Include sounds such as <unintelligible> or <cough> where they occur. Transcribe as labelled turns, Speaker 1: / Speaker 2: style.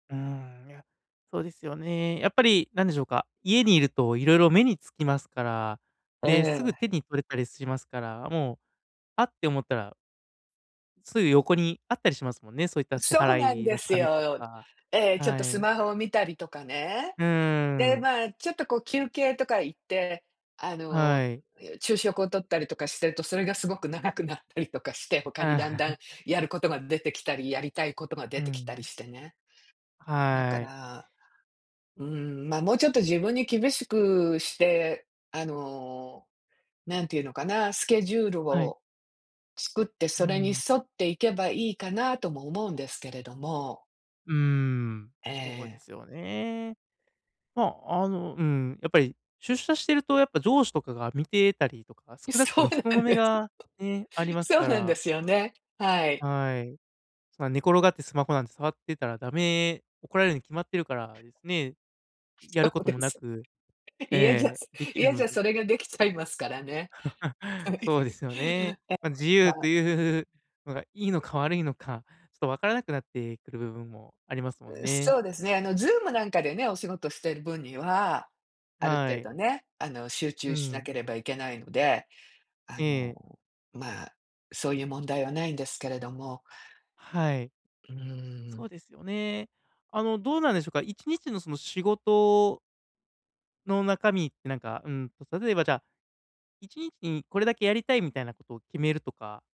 Speaker 1: うーん、いや、そうですよね。やっぱりなんでしょうか、家に居ると色々目につきますから。
Speaker 2: え
Speaker 1: で、すぐ
Speaker 2: え。
Speaker 1: 手に取れたりしますから、もう、あ、って思ったらすぐ横にあったりしますもんね、そういった支
Speaker 2: そうなん
Speaker 1: 払い
Speaker 2: で
Speaker 1: の
Speaker 2: す
Speaker 1: 紙と
Speaker 2: よ。
Speaker 1: か
Speaker 2: ええ、ちょっと
Speaker 1: は
Speaker 2: ス
Speaker 1: い。
Speaker 2: マホを見たりとかね。
Speaker 1: う
Speaker 2: で、
Speaker 1: ーん。
Speaker 2: まあ、ちょっとこう休憩とか行って、あの、
Speaker 1: はい。
Speaker 2: いや、昼食を取ったりとかしてると、それがすごく長くなったりとかして、他にだんだ
Speaker 1: <laughs>
Speaker 2: んやることが出てきたり、やりたいことが
Speaker 1: う
Speaker 2: 出てきたり
Speaker 1: ん。
Speaker 2: してね。だか
Speaker 1: はい。
Speaker 2: ら、うん、ま、もうちょっと自分に厳しくして、あの、なんて言うのかな、スケジュール
Speaker 1: はい。
Speaker 2: を作って、
Speaker 1: う
Speaker 2: それに
Speaker 1: ん。
Speaker 2: 沿っていけばいいかな、とも思うんですけれども。
Speaker 1: うーん、そうで
Speaker 2: ええ。
Speaker 1: すよね。まあ、あのうん、やっぱり出社してるとやっぱ上司とかが見てたりとか、
Speaker 2: い
Speaker 1: 少なくと
Speaker 2: そ
Speaker 1: も
Speaker 2: う
Speaker 1: 人
Speaker 2: な
Speaker 1: の
Speaker 2: ん
Speaker 1: 目
Speaker 2: です。
Speaker 1: がね、あります
Speaker 2: そう
Speaker 1: か
Speaker 2: なんで
Speaker 1: ら。
Speaker 2: すよね、はい。
Speaker 1: はい。そんな寝転がってスマホなんて触ってたらダメ怒られるに決まってるからですね、や
Speaker 2: そ
Speaker 1: るこ
Speaker 2: う
Speaker 1: と
Speaker 2: で
Speaker 1: もな
Speaker 2: す。
Speaker 1: く
Speaker 2: 家じゃ
Speaker 1: ええ、出来る
Speaker 2: 家
Speaker 1: の
Speaker 2: じゃ
Speaker 1: に
Speaker 2: それが出来ちゃいますからね。
Speaker 1: <laughs>
Speaker 2: はい。
Speaker 1: そうですよね。
Speaker 2: <laughs>
Speaker 1: ま、自由と
Speaker 2: <unintelligible>
Speaker 1: いうのがいいのか悪いのか、ちょっと分からなくなってくる部分もありますもん
Speaker 2: う
Speaker 1: ね。
Speaker 2: そうですね、あの zoom なんかでね、お仕事してる分には、ある
Speaker 1: は
Speaker 2: 程
Speaker 1: い。
Speaker 2: 度ね、あの、集
Speaker 1: う
Speaker 2: 中しな
Speaker 1: ん。
Speaker 2: ければいけないので、あ
Speaker 1: ええ。
Speaker 2: の、まあ、そういう問題は無いんですけれども。
Speaker 1: はい。
Speaker 2: うー
Speaker 1: そ
Speaker 2: ん。
Speaker 1: うですよね。あの、どうなんでしょうか、1日のその仕事の中身ってなんか、うん、例えばじゃ、1日にこれだけやりたいみたいなことを決めるとか